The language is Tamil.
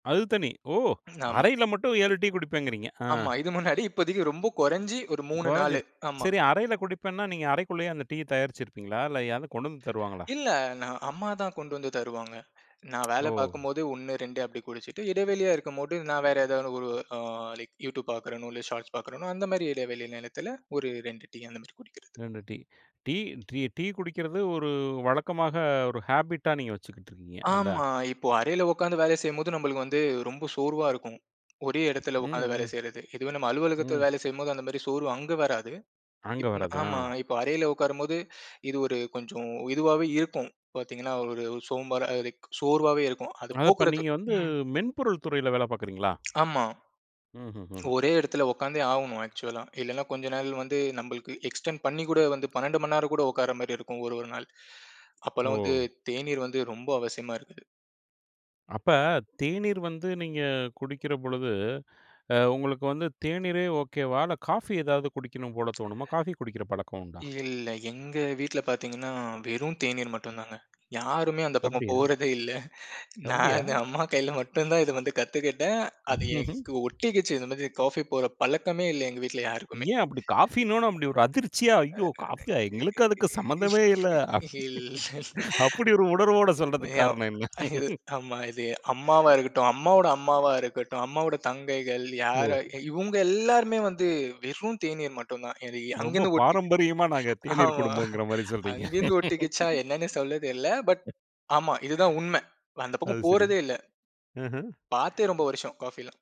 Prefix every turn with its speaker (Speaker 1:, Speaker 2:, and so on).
Speaker 1: அதுதனி. ஓ!
Speaker 2: ஆமா.
Speaker 1: அறையில மட்டும் 7 டீ குடிப்பேங்கிறீங்க. ஆ.
Speaker 2: ஆமா. இது முன்னாடி இப்போதைக்கு ரொம்ப கொறைஞ்சு ஒரு 3, 4.
Speaker 1: கொறைஞ்சிருச்சு.
Speaker 2: ஆமா.
Speaker 1: சரி, அறையில குடிப்பேன்னா, நீங்க அறைக்குள்ளயே அந்த டீய தயாரிச்சுருப்பீங்களா, இல்ல யாராவது கொண்டு வந்து தருவாங்களா?
Speaker 2: இல்ல, நா அம்மா தான் கொண்டு வந்து தருவாங்க. நா வேல
Speaker 1: ஓ!
Speaker 2: பார்க்கும்போது 1, 2 அப்படி குடிச்சுட்டு, இடைவெளியா இருக்கும்போது நா வேற ஏதாவது ஒரு அ லைக் YouTube பார்க்கிறனோ, இல்ல Shorts பார்க்கறேனோ அந்தமாரி இடைவெளி நேரத்துல ஒரு 2 டீ, அந்த மாதிரி குடிக்கிறது.
Speaker 1: 2 டீ. டீ ட்ரீ டீ குடிக்கிறது ஒரு வழக்கமாக ஒரு ஹேபிட்டா நீங்க வச்சுக்கிட்டுருக்கீங்க, அல்ல.
Speaker 2: ஆமா. இப்போ அறையில உக்காந்து வேலை செய்யும்போது நம்பளுக்கு வந்து ரொம்ப சோர்வா இருக்கும். ஒரே இடத்துல
Speaker 1: ம்,
Speaker 2: உக்காந்து வேலை
Speaker 1: ம்.
Speaker 2: செய்யிறது. இதுவே நம்ம அலுவலகத்துல
Speaker 1: ம்.
Speaker 2: வேலை செய்யும்போது, அந்தமாரி சோர்வு அங்க வராது.
Speaker 1: அங்க
Speaker 2: இப்போ நா
Speaker 1: வராது.
Speaker 2: ஆமா.
Speaker 1: ஆ.
Speaker 2: இப்போ அறையில உக்காரும்போது இது ஒரு கொஞ்சம் இதுவாவே இருக்கும். பாத்தீங்கன்னா, ஒரு இது சோம்பலா இருக் சோர்வாவே இருக்கும். அது
Speaker 1: அது அப்ப
Speaker 2: போக்குறதுக்
Speaker 1: நீங்க வந்து
Speaker 2: ம்.
Speaker 1: மென்பொருள் துறையில வேலை பார்க்குறீங்களா?
Speaker 2: ஆமா.
Speaker 1: ம்ஹ்ஹ்ம்.
Speaker 2: ஒரே இடத்துல உக்காந்தே ஆவணும் ஆக்சுவலா. இல்லன்னா, கொஞ்ச நாள் வந்து நம்பளுக்கு எக்ஸ்டென்ட் பண்ணிக் கூட வந்து 12 மணி நேரம் கூட உட்காரமாரி இருக்கும் ஒரு ஒரு நாள். அப்பல்லாம் வந்து,
Speaker 1: ஓ!
Speaker 2: தேநீர் வந்து ரொம்ப அவசியமா இருக்குது.
Speaker 1: அப்ப தேநீர் வந்து நீங்க குடிக்கிற பொழுது அ உங்களுக்கு வந்து தேநீரே ஓகே வா? இல்ல காஃபி ஏதாவது குடிக்கணும் போலத் தோணுமா, காஃபி குடிக்கிற பழக்கம் உண்டா?
Speaker 2: இல்ல. எங்க வீட்ல பாத்தீங்கன்னா, வெறும் தேநீர் மட்டுந்தாங்க. யாருமே அந்தப் பக்கம்
Speaker 1: அப்படியா?
Speaker 2: போறதே இல்ல.
Speaker 1: அப்படியா?
Speaker 2: நானு அம்மா கையில மட்டும்தான் இத வந்து கத்துக்கிட்டேன். அது
Speaker 1: ஹ்ஹ்ம்.
Speaker 2: எனக்கு ஒட்டிக்கிச்சு. இந்த மாதிரி காஃபி போடுற பழக்கமே இல்ல எங்க வீட்ல யாருக்குமே.
Speaker 1: ஏன் அப்படி காஃபின்னோன்ன அப்படி ஒரு அதிர்ச்சியா, "ஐயோ! காஃபியா? எங்களுக்கும் அதுக்கும் சம்மந்தமே இல்லை."
Speaker 2: [unintelligible]
Speaker 1: அப்படி ஒரு உணர்வோட சொல்றதுக்கு காரணம் என்ன?
Speaker 2: இது ஆமா. இது அம்மாவா இருக்கட்டும், அம்மாவோட அம்மாவா இருக்கட்டும், அம்மாவோட தங்கைகள்
Speaker 1: ஓ!
Speaker 2: யாரா இவுங்க எல்லாருமே வந்து வெறும் தேநீர் மட்டும்தான். இது
Speaker 1: ரொம்ப
Speaker 2: அங்கிருந்து ஒட்டிக்
Speaker 1: பாரம்பரியமா நாங்க தேநீர்
Speaker 2: ஆமா.
Speaker 1: குடும்பம்ங்கிறமாரி சொல்றீங்க.
Speaker 2: அங்கருந்து ஒட்டிக்கிச்சா? என்னன்னே சொல்லத் தெரில. பட் ஆமா இதுதான் உண்மை. அந்தப்
Speaker 1: அது
Speaker 2: பக்கம்
Speaker 1: சரி.
Speaker 2: போறதே இல்ல.
Speaker 1: ம்ஹ்ம்.
Speaker 2: பார்த்தே ரொம்ப வருஷம் காஃபிலாம்.